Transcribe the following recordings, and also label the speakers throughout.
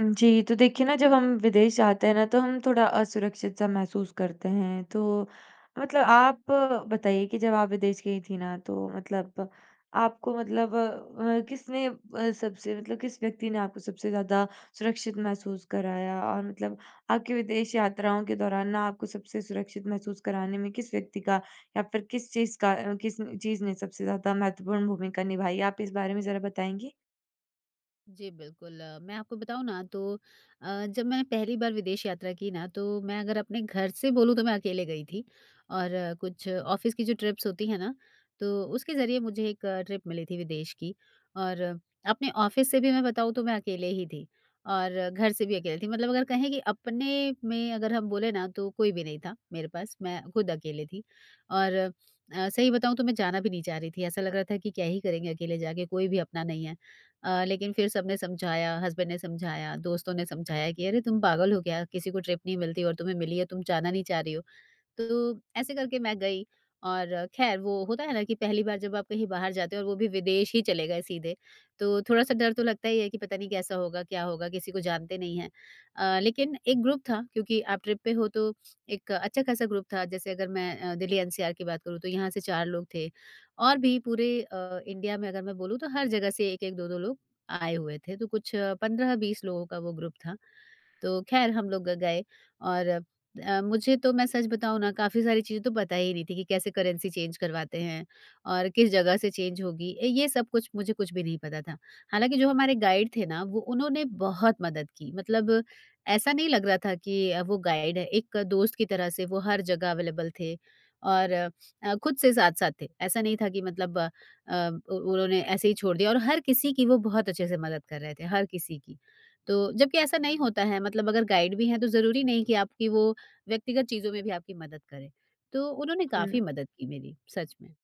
Speaker 1: जी, तो देखिए ना जब हम विदेश जाते हैं ना तो हम थोड़ा असुरक्षित सा महसूस करते हैं। तो मतलब आप बताइए कि जब आप विदेश गईं थीं ना तो मतलब आपको मतलब अ, किसने अ, सबसे मतलब किस व्यक्ति ने आपको सबसे ज़्यादा सुरक्षित महसूस कराया? और मतलब आपकी विदेश यात्राओं के दौरान ना आपको सबसे सुरक्षित महसूस कराने में किस व्यक्ति का या फिर किस चीज़ का अ, किस न चीज़ ने सबसे ज़्यादा महत्वपूर्ण भूमिका निभाई है? आप इस बारे में ज़रा बताएँगी।
Speaker 2: जी, बिल्कुल अ, मैं आपको बताऊँ ना तो अ, जब मैंने पहली बार विदेश यात्रा की ना तो मैं अगर अपने घर से बोलूँ तो मैं अकेले गई थी। और कुछ ऑफिस की जो ट्रिप्स होती हैं ना तो उसके ज़रिए मुझे एक ट्रिप मिली थी विदेश की और अपने ऑफिस से भी मैं बताऊँ तो मैं अकेले ही थी। और घर से भी अकेले थी मतलब अगर कहें कि अपने में अगर हम बोले ना तो कोई भी नहीं था मेरे पास मैं खुद अकेले थी। और अ, सही बताऊँ तो मैं जाना भी नहीं चाह रही थी ऐसा लग रहा था कि क्या ही करेंगे अकेले जा के कोई भी अपना नहीं है। अ, लेकिन फिर सबने समझाया हस्बैंड ने समझाया, दोस्तों ने समझाया कि, "अरे, तुम पागल हो क्या? किसी को ट्रिप नहीं मिलती और तुम्हें मिली है तुम जाना नहीं चाह रही हो।" तो ऐसे करके मैं गई और खैर वो होता है ना कि पहली बार जब आप कहीं बाहर जाते हो और वो भी विदेश ही चले गए सीधे, तो थोड़ा-सा डर तो लगता ही है कि पता नहीं कैसा होगा? क्या होगा? किसी को जानते नहीं हैं। अ, लेकिन एक ग्रुप था क्योंकि आप ट्रिप पे हो तो एक अच्छा खासा ग्रुप था जैसे अगर मैं अ, दिल्ली एनसीआर की बात करूँ तो यहाँ से 4 लोग थे। और भी पूरे अ, इंडिया में अगर मैं बोलूँ तो हर जगह से 1-1 2-2 लोग आए हुए थे तो कुछ 15-20 लोगों का वो ग्रुप था। तो खैर हम लोग ग गए और अ, मुझे तो मैं सच बताऊँ ना काफ़ी सारी चीज़ें तो पता ही नहीं थी कि कैसे करेंसी चेंज करवाते हैं और किस जगह से चेंज होगी, ए, ये सब कुछ मुझे कुछ भी नहीं पता था। हालाँकि जो हमारे गाइड थे ना वो उन्होंने बहुत मदद की। मतलब ऐसा नहीं लग रहा था कि अ, वो गाइड है एक दोस्त की तरह से वो हर जगह अवेलेबल थे और अ, खुद से साथ-साथ थे। ऐसा नहीं था कि मतलब अ, उ उन्होंने ऐसे ही छोड़ दिया और हर किसी की वो बहुत अच्छे से मदद कर रहे थे हर किसी की। तो जबकि ऐसा नहीं होता है मतलब अगर गाइड भी हैं तो ज़रूरी नहीं कि आपकी वो व्यक्तिगत चीज़ों में भी आपकी मदद करें। तो उन्होंने काफ़ी
Speaker 1: हुँ।
Speaker 2: मदद की मेरी। सच में।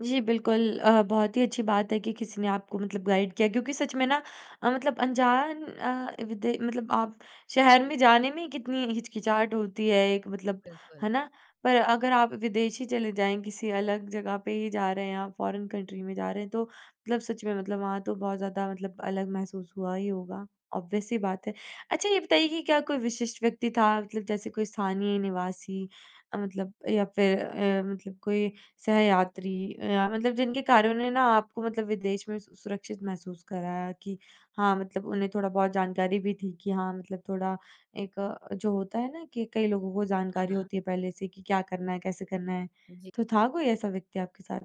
Speaker 1: जी, बिल्कुल। अ, बहुत ही अच्छी बात है कि किसी ने आपको मतलब गाइड किया क्योंकि सच में ना अ, मतलब अनजान अ, विदे मतलब आप शहर में जाने में ही कितनी हिचकिचाहट होती है एक मतलब,
Speaker 2: बिल्कुल।
Speaker 1: है ना? पर अगर आप विदेश ही चले जाएँ, किसी अलग जगह पे ही जा रहे हैं आप, फॉरेन कंट्री में जा रहे हैं, तो मतलब सच में मतलब वहाँ तो बहुत ज़्यादा मतलब अलग महसूस हुआ ही होगा, ऑब्वियस सी बात है। अच्छा, ये बताइए कि क्या कोई विशिष्ट व्यक्ति था मतलब जैसे कोई स्थानीय निवासी अ, मतलब या फिर अ, मतलब कोई सहयात्री अ, या मतलब जिनके कारणों ने ना आपको मतलब विदेश में सु सुरक्षित महसूस कराया कि हाँ, मतलब उन्हें थोड़ा बहुत जानकारी भी थी कि हाँ, मतलब थोड़ा एक अ, जो होता है ना कि कई लोगों को
Speaker 2: हाँ,
Speaker 1: जानकारी
Speaker 2: हाँ।
Speaker 1: होती है पहले से कि क्या करना है? कैसे करना है?
Speaker 2: जी।
Speaker 1: तो था कोई ऐसा व्यक्ति आपके साथ?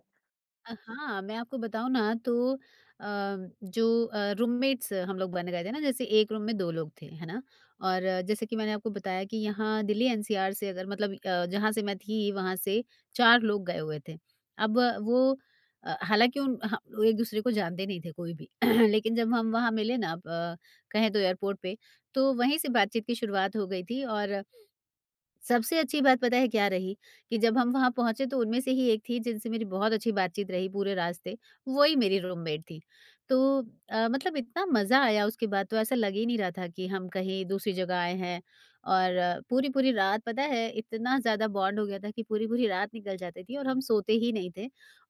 Speaker 2: अ, हाँ, मैं आपको बताऊँ ना, तो अ, जो अ, रूममेट्स हम लोग बन गए थे ना, जैसे एक रूम में 2 लोग थे। है ना? और जैसे कि मैंने आपको बताया कि यहाँ दिल्ली एनसीआर से अगर मतलब अ, जहाँ से मैं थी, वहाँ से 4 लोग गए हुए थे। अब वो अ, हालाँकि उन ह एक-दूसरे को जानते नहीं थे कोई भी। लेकिन जब हम वहाँ मिलें ना ब कहें तो एयरपोर्ट पे, तो वहीं से बातचीत की शुरुआत हो गई थी और सबसे अच्छी बात पता है क्या रही? कि जब हम वहाँ पहुँचे, तो उनमें से ही एक थीं जिनसे मेरी बहुत अच्छी बात-चीत रही पूरे रास्ते। वही मेरी रूममेट थीं। तो अ, मतलब इतना मज़ा आया उसके बाद, तो ऐसा लग ही नहीं रहा था कि हम कहीं दूसरी जगह आए हैं और पूरी-पूरी रात पता है, इतना ज़्यादा बॉन्ड हो गया था कि पूरी-पूरी रात निकल जाती थी और हम सोते ही नहीं थे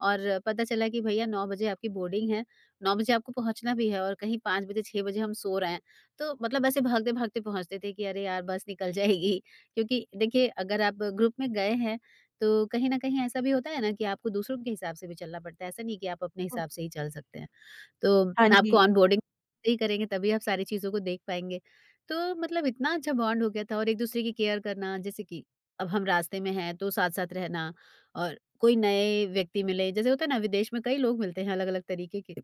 Speaker 2: और पता चला कि भईया 9 बजे आपकी बोर्डिंग है। 9 बजे आपको पहुँचना भी है और कहीं 5 बजे 6 बजे हम सो रहे हैं। तो मतलब ऐसे भागते-भागते पहुँचते थे कि, "अरे यार, बस निकल जाएगी।" क्योंकि देखिए, अगर आप ग्रुप में गए हैं, तो कहीं न कहीं ऐसा भी होता है ना कि आपको दूसरों के हिसाब से भी चलना पड़ता है। ऐसा नहीं कि आप अपने
Speaker 1: हुँ।
Speaker 2: हिसाब से ही चल सकते हैं। तो
Speaker 1: हाँ
Speaker 2: आपको
Speaker 1: जी।
Speaker 2: ऑनबोर्डिंग [unintelligible] करेंगे तभी आप सारी चीज़ों को देख पाएँगे। तो मतलब इतना अच्छा बॉन्ड हो गया था और एक-दूसरे की केयर करना, जैसे कि अब हम रास्ते में हैं, तो साथ-साथ रहना और कोई नए व्यक्ति मिलें। जैसे होता है ना विदेश में कई लोग मिलते हैं अलग-अलग तरीके के,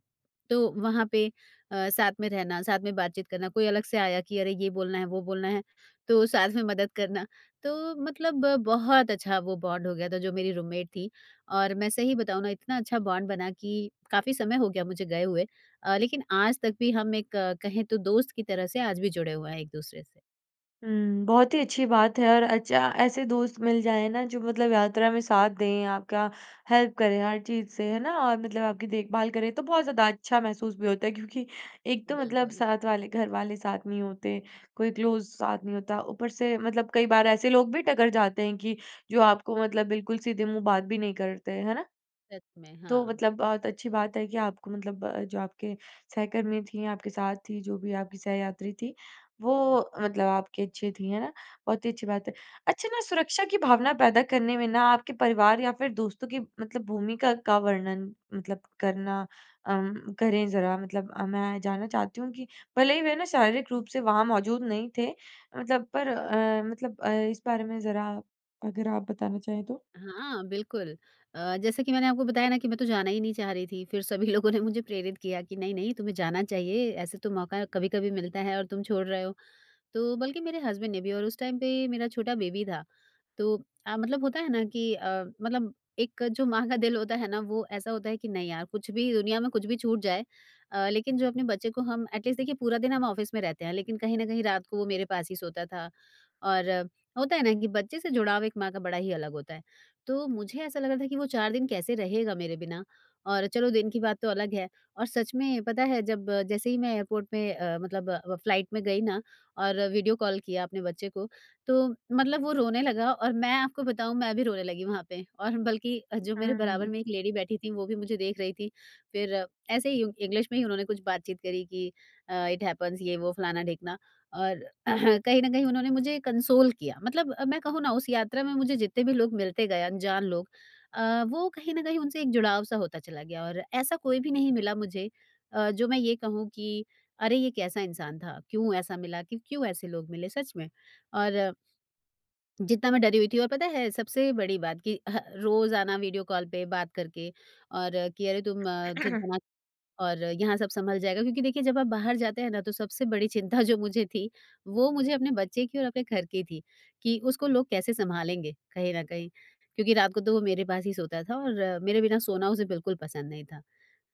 Speaker 2: तो वहाँ पे अ, साथ में रहना, साथ में बात-चीत करना, कोई अलग से आया कि, "अरे! ये बोलना है, वो बोलना है।" तो साथ में मदद करना। तो मतलब बहुत अच्छा वो बॉन्ड हो गया था, जो मेरी रूममेट थीं। और मैं सही बताऊँ ना, इतना अच्छा बॉन्ड बना कि काफ़ी समय हो गया मुझे गए हुए अ, लेकिन आज तक भी हम एक कहें तो दोस्त की तरह से आज भी जुड़े हुए हैं एक-दूसरे से।
Speaker 1: हुँ। बहुत ही अच्छी बात है और अच्छा ऐसे दोस्त मिल जाएँ ना जो मतलब यात्रा में साथ दें आपका हेल्प करे हर चीज़ से, है ना? और मतलब आपकी देखभाल करें तो बहुत ज़्यादा अच्छा महसूस भी होता है क्योंकि एक तो मतलब
Speaker 2: बिल्कुल।
Speaker 1: साथ वाले घरवाले साथ नहीं होते। कोई क्लोज़ साथ नहीं होता। ऊपर से मतलब कई बार ऐसे लोग भी टकर जाते हैं कि जो आपको मतलब बिल्कुल सीधे मुँह बात भी नहीं करते, है ना?
Speaker 2: सच में,
Speaker 1: तो
Speaker 2: हाँ।
Speaker 1: मतलब बहुत अच्छी बात है कि आपको मतलब अ, जो आपके सहकर्मी थीं आपके साथ थी जो भी आपकी सहयात्री थी वो मतलब आपके अच्छे थी, है ना? बहुत ही अच्छी बात है। अच्छा ना सुरक्षा की भावना पैदा करने में ना आपके परिवार या फिर दोस्तों की मतलब भूमिका का वर्णन मतलब करना अ, करें ज़रा मतलब अ, मैं जानना चाहती हूँ कि भले ही वे ना शारीरिक रूप से वहाँ मौजूद नहीं थे मतलब पर अ, मतलब अ, इस बारे में ज़रा अगर आप बताना चाहें तो?
Speaker 2: हाँ, बिल्कुल। अ, जैसे कि मैंने आपको बताया ना कि मैं तो जाना ही नहीं चाह रही थी। फिर सभी लोगों ने मुझे प्रेरित किया कि, "नहीं-नहीं तुम्हें जाना चाहिए, ऐसे तो मौका कभी-कभी मिलता है और तुम छोड़ रहे हो।" तो बल्कि मेरे हस्बैंड ने भी और उस टाइम पे मेरा छोटा बेबी था। तो अ, मतलब होता है ना कि अ, मतलब एक जो माँ का दिल होता है ना? वो ऐसा होता है कि नहीं यार कुछ भी दुनिया में कुछ भी छूट जाए अ, लेकिन जो अपने बच्चे को हम एटलीस्ट देखिए पूरा दिन हम ऑफिस में रहते हैं। लेकिन कहीं न कहीं रात को वो मेरे पास ही सोता था, और होता है ना कि बच्चे से जुड़ाव एक माँ का बड़ा ही अलग होता है। तो मुझे ऐसा लग रहा था कि वो 4 दिन कैसे रहेगा मेरे बिना? और चलो दिन की बात तो अलग है और सच में पता है जब जैसे ही मैं एयरपोर्ट पे अ, मतलब फ्लाइट में गई ना और वीडियो कॉल किया अपने बच्चे को। तो मतलब वो रोने लगा और मैं आपको बताऊँ मैं भी रोने लगी वहाँ पे और बल्कि जो मेरे बराबर
Speaker 1: हम्म।
Speaker 2: में एक लेडी बैठी थी वो भी मुझे देख रही थी। फिर ऐसे ही उ इंग्लिश में ही उन्होंने कुछ बातचीत करी कि अ, इट हैपन्स ये वो फलाना-ढिकना और कहीं न कहीं उन्होंने मुझे कंसोल किया। मतलब अ, मैं कहूँ ना उस यात्रा में मुझे जितने भी लोग मिलते गए अनजान लोग अ, वो कहीं ना कहीं उनसे एक जुड़ाव सा होता चला गया। और ऐसा कोई भी नहीं मिला मुझे अ, जो मैं ये कहूँ कि अरे ये कैसा इंसान था? क्यों ऐसा मिला क्यों क्यों ऐसे लोग मिले? सच में और जितना मैं डरी हुई थी और पता है सबसे बड़ी बात कि अ, रोज़ आना वीडियो कॉल पे बात करके, और कि अरे तुम चिंता मत और यहाँ सब संभल जाएगा। क्योंकि देखिए जब आप बाहर जाते हैं ना तो सबसे बड़ी चिंता जो मुझे थी वो मुझे अपने बच्चे की और अपने घर की थी। कि उसको लोग कैसे संभालेंगे कहीं न कहीं? क्योंकि रात को तो वो मेरे पास ही सोता था और मेरे बिना सोना उसे बिल्कुल पसंद नहीं था।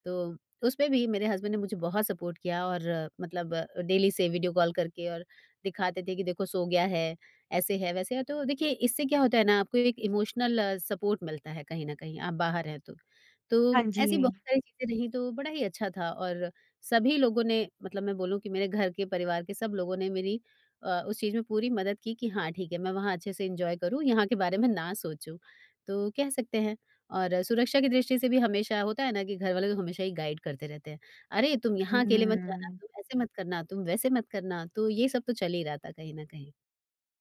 Speaker 2: तो उसमें भी मेरे हस्बैंड ने मुझे बहुत सपोर्ट किया और मतलब डेली से वीडियो कॉल करके और दिखाते थे कि देखो सो गया है। ऐसे है वैसे है तो देखिए इससे क्या होता है ना आपको एक इमोशनल सपोर्ट मिलता है कहीं न कहीं आप बाहर हैं तो। तो
Speaker 1: हाँ,
Speaker 2: ऐसी
Speaker 1: जी।
Speaker 2: बहुत सारी चीज़ें रहीं तो बड़ा ही अच्छा था, और सभी लोगों ने मतलब मैं बोलूँ कि मेरे घर के परिवार के सब लोगों ने मेरी अ, उस चीज़ में पूरी मदद की कि हाँ ठीक है मैं वहाँ अच्छे से एन्जॉय करूँ यहाँ के बारे में ना सोचूँ। तो कह सकते हैं और सुरक्षा की दृष्टि से भी हमेशा होता है ना कि घरवाले तो हमेशा ही गाइड करते रहते हैं, "अरे तुम यहाँ अकेले मत जाना,
Speaker 1: हम्म।
Speaker 2: तुम ऐसे मत करना, तुम वैसे मत करना।" तो ये सब तो चल ही रहा था कहीं न कहीं।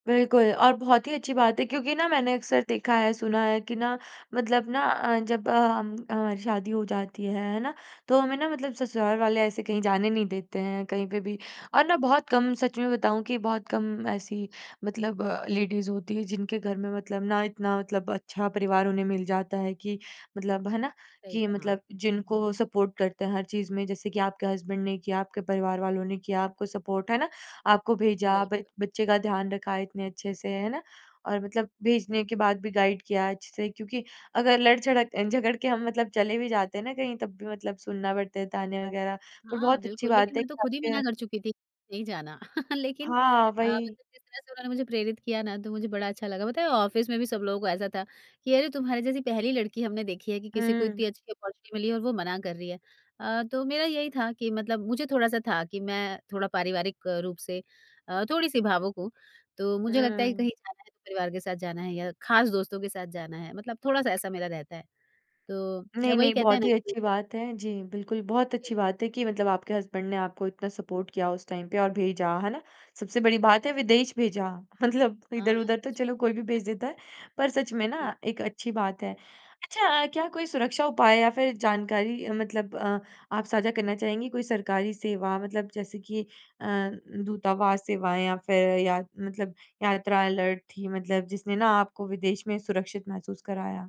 Speaker 1: बिल्कुल और बहुत ही अच्छी बात है क्योंकि ना मैंने अक्सर देखा है, सुना है कि ना मतलब ना अ, जब अ, हम हमारी शादी हो जाती है, है ना? तो हमें ना मतलब ससुराल वाले ऐसे कहीं जाने नहीं देते हैं कहीं पे भी। और ना बहुत कम सच में बताऊँ कि बहुत कम ऐसी मतलब अ, लेडीज़ होती हैं जिनके घर में मतलब ना, इतना मतलब अच्छा परिवार उन्हें मिल जाता है कि मतलब, है ना?
Speaker 2: सही
Speaker 1: कि
Speaker 2: कहा।
Speaker 1: मतलब जिनको सपोर्ट करते हैं हर चीज़ में, जैसे कि आपके हज़्बन्ड ने किया, आपके परिवार वालों ने किया आपको सपोर्ट। है ना? आपको भेजा
Speaker 2: बिल्कुल।
Speaker 1: ब बच्चे का ध्यान रखा इतने अच्छे से। है ना? और मतलब भेजने के बाद भी गाइड किया अच्छे से क्योंकि अगर लड़झड़क अ, झगड़ के हम मतलब चले भी जाते हैं ना कहीं, तब भी मतलब सुनना पड़ता है तानें वग़ैरह। पर
Speaker 2: हाँ,
Speaker 1: बहुत अच्छी
Speaker 2: बिल्कुल।
Speaker 1: बात
Speaker 2: लेकिन
Speaker 1: है
Speaker 2: मैं
Speaker 1: कि
Speaker 2: तो खुद ही
Speaker 1: आपके
Speaker 2: मना कर चुकी थी कि नहीं जाना। लेकिन
Speaker 1: हाँ,
Speaker 2: अ,
Speaker 1: वही।
Speaker 2: मतलब जिस तरह से उन्होंने मुझे प्रेरित किया ना, तो मुझे बड़ा अच्छा लगा। पता है? ऑफ़िस में भी सब लोगों को ऐसा था कि, "अरे! तुम्हारे जैसी पहली लड़की हमने देखी है कि किसी को
Speaker 1: हुँ।
Speaker 2: इतनी अच्छी ऑपर्च्युनिटी मिली है और वो मना कर रही है।" अ, तो मेरा यही था कि मतलब मुझे थोड़ा-सा था कि मैं थोड़ा पारिवारिक रूप से अ, थोड़ी-सी भावुक हूँ। तो मुझे लगता है कि कहीं
Speaker 1: हुँ।
Speaker 2: जाना है, तो परिवार के साथ जाना है या खास दोस्तों के साथ जाना है मतलब थोड़ा-सा ऐसा मेरा रहता है। तो अ,
Speaker 1: नहीं,
Speaker 2: वही
Speaker 1: नहीं,
Speaker 2: कहते हैं
Speaker 1: बहुत
Speaker 2: ना
Speaker 1: ही अच्छी
Speaker 2: [unintelligible]
Speaker 1: बात है। जी, बिल्कुल। बहुत
Speaker 2: जी।
Speaker 1: अच्छी बात है कि मतलब आपके हज़्बन्ड ने आपको इतना सपोर्ट किया उस टाइम पे और भेजा। है ना? सबसे बड़ी बात है विदेश भेजा। मतलब
Speaker 2: हाँ, हाँ,
Speaker 1: इधर-उधर तो
Speaker 2: सच
Speaker 1: चलो,
Speaker 2: में।
Speaker 1: कोई भी भेज देता है, पर सच में
Speaker 2: जी।
Speaker 1: ना एक अच्छी बात है। अच्छा, क्या कोई सुरक्षा उपाय या फिर जानकारी मतलब अ, आप साझा करना चाहेंगी? कोई सरकारी सेवा मतलब जैसे कि अ, दूतावास सेवाएँ या फिर या मतलब यात्रा अलर्ट थी मतलब जिसने ना आपको विदेश में सुरक्षित महसूस कराया?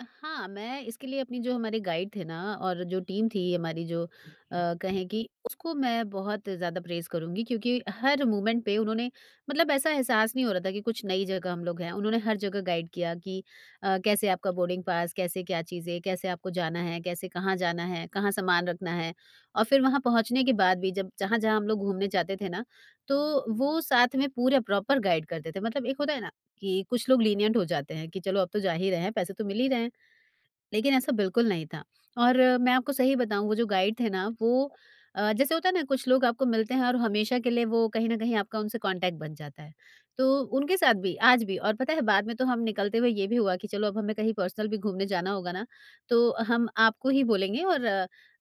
Speaker 2: अ, हाँ, मैं इसके लिए अपनी जो हमारे गाइड थे ना और जो टीम थी हमारी जो अ, कहें कि, उसको मैं बहुत ज़्यादा प्रेज़ करूँगी क्योंकि हर मोमेंट पे उन्होंने मतलब ऐसा एहसास नहीं हो रहा था कि कुछ नई जगह हम लोग हैं। उन्होंने हर जगह गाइड किया कि अ, कैसे आपका बोर्डिंग पास, कैसे क्या चीज़ें, कैसे आपको जाना है, कैसे कहाँ जाना है, कहाँ सामान रखना है। और फिर वहाँ पहुँचने के बाद भी जब जहाँ-जहाँ हम लोग घूमने जाते थे ना, तो वो साथ में पूरे प्रॉपर गाइड करते थे। मतलब एक होता है ना, कि कुछ लोग लीनिएंट हो जाते हैं कि चलो अब तो जा ही रहे हैं, पैसे तो मिल ही रहे हैं, लेकिन ऐसा बिल्कुल नहीं था। और मैं आपको सही बताऊँ, वो जो गाइड थे ना, वो अ, जैसे होता है ना, कुछ लोग आपको मिलते हैं और हमेशा के लिए वो कहीं न कहीं आपका उनसे कॉन्टैक्ट बन जाता है। तो उनके साथ भी, आज भी, और पता है बाद में तो हम निकलते हुए ये भी हुआ कि, "चलो अब हमें कहीं पर्सनल भी घूमने जाना होगा ना, तो हम आपको ही बोलेंगे और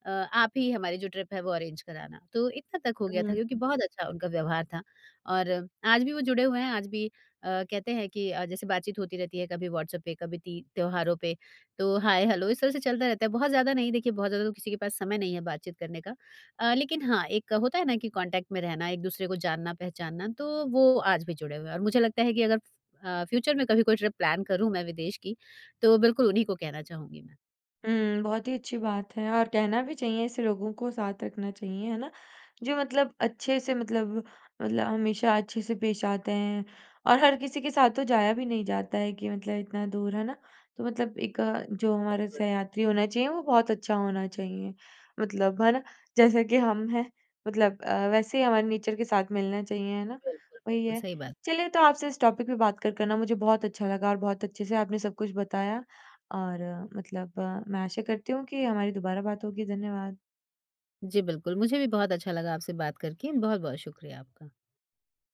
Speaker 2: अ, आप ही हमारी जो ट्रिप है वो अरेंज कराना।" तो इतना तक हो
Speaker 1: उम,
Speaker 2: गया था क्योंकि
Speaker 1: हुँ।
Speaker 2: बहुत अच्छा उनका व्यवहार था। और आज भी वो जुड़े हुए हैं, आज भी अ, कहते हैं कि अ, जैसे बात-चीत होती रहती है, कभी व्हाट्सएप पे, कभी ती त्योहारों पे। तो हाय हेलो इस तरह से चलता रहता है, बहुत ज़्यादा नहीं, देखिए बहुत ज़्यादा तो किसी के पास समय नहीं है बातचीत करने का। अ, लेकिन हाँ, एक होता है ना कि कॉन्टैक्ट में रहना, एक दूसरे को जानना-पहचानना, तो वो आज भी जुड़े हुए हैं। और मुझे लगता है कि अगर फ अ, फ़्यूचर में कभी कोई ट्रिप प्लान करूँ मैं विदेश की, तो बिल्कुल उन्हीं को कहना चाहूँगी मैं।
Speaker 1: उम, बहुत ही अच्छी बात है और कहना भी चाहिए ऐसे लोगों को, साथ रखना चाहिए, है ना? जो मतलब अच्छे से मतलब, मतलब हमेशा अच्छे से पेश आते हैं, और हर किसी के साथ तो जाया भी नहीं जाता है कि मतलब इतना दूर, है ना। तो मतलब एक जो हमारे
Speaker 2: बिल्कुल।
Speaker 1: सहयात्री होना चाहिए, वो बहुत अच्छा होना चाहिए। मतलब, है ना? जैसे कि हम हैं, मतलब अ, वैसे ही हमारे नेचर के साथ मिलना चाहिए, है ना?
Speaker 2: बिल्कुल,
Speaker 1: वही
Speaker 2: बिल्कुल।
Speaker 1: है।
Speaker 2: सही बात।
Speaker 1: चलिए तो आपसे इस टॉपिक पे बात कर कर ना, मुझे बहुत अच्छा लगा और बहुत अच्छे से आपने सब कुछ बताया और मतलब, मैं आशा करती हूँ कि हमारी दोबारा बात होगी, धन्यवाद।
Speaker 2: जी, बिल्कुल। मुझे भी बहुत अच्छा लगा आपसे बात करके। बहुत-बहुत शुक्रिया आपका।